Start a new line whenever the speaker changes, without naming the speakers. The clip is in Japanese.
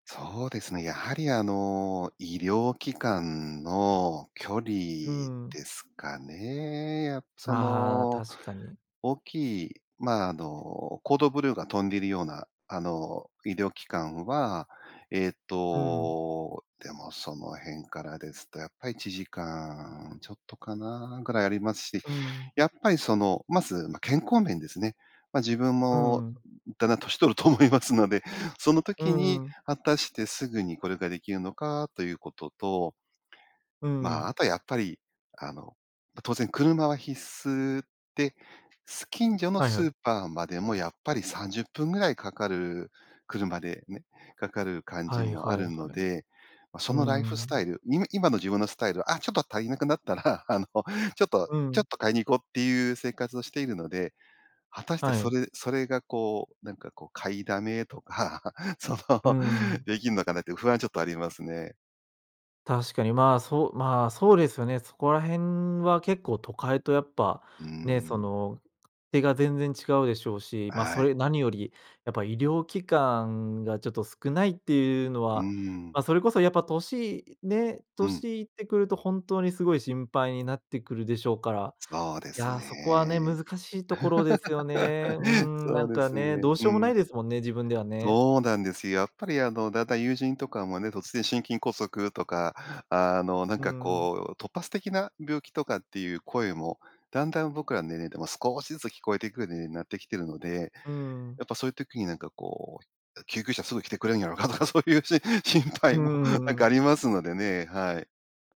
そうですね。やはり、あの、医療機関の距離
うー
で
ん。
すかね。やっそ
ああ、
の、
確かに。
大きい、ま、あの、コードブルーが飛んでいるような、あの、医療機関は、ええ
うん。
と、でもその辺からですとやっぱり1時間ちょっとかなぐらいありますし、
うん。
やっぱりその、まず、ま、健康面ですね。ま、自分
う
も
ん。
だんだん年取ると思いますので、その
う
時に
んうん。
果たしてすぐにこれができるのかということと
う
まあ、
ん。
あとはやっぱり、あの、ま、当然車は必須で、す近所の
はいは
スー
い。
パーまでもやっぱり30分ぐらいかかる、車でね。かかる感
は
じ
い
もあ
はい
る
は
の
い。
で、ま、そ
うー
のライフスタ
ん。
イル、い今の自分のスタイル、あ、ちょっと足りなくなったら、あの、ちょっと、
う
ちょっ
ん。
と買いに行こうっていう生活をしているので、果たして
は
そ
い。
れそれがこう、なんかこう、買いだめとか、そ
う
の、
ん。
できんのかなって不安はちょっとありますね。
確かに、まあそうまあそうですよね。そこら辺は結構都会とやっぱ、
うー
ね、そ
ん。
の、勝手が全然違うでしょうし、まあ
は
そ
い。
れ何よりやっぱ医療機関がちょっと少ないっていうの
うー
は、
ん。
まあそれこそやっぱ歳、ね、
うん。
歳いってくるとほんとに、すごい心配になってくるでしょうから、
そうで
い
す
や、そこはね、
ね。
難しいところですよね。うー ん。
そ
な
う
ん
で
か
す
ね、
ね。
どうし
う
ようもな
ん。
いですもんね、自分ではね。
そうなんですよ。やっぱりあの、だんだん友人とかもね、突然心筋梗塞とか、あの、なん
うー
か
ん。
こう、突発的な病気とかっていう声もだんだん僕らの年齢でも少しずつ聞こえてくるようになってきてるので、
うーん。
やっぱそういう時になんかこう、あ、救急車すぐ来てくれるんやろかとかそういうしん心
う
配もなん
んう
かあ
ん。
りますのでね。はい。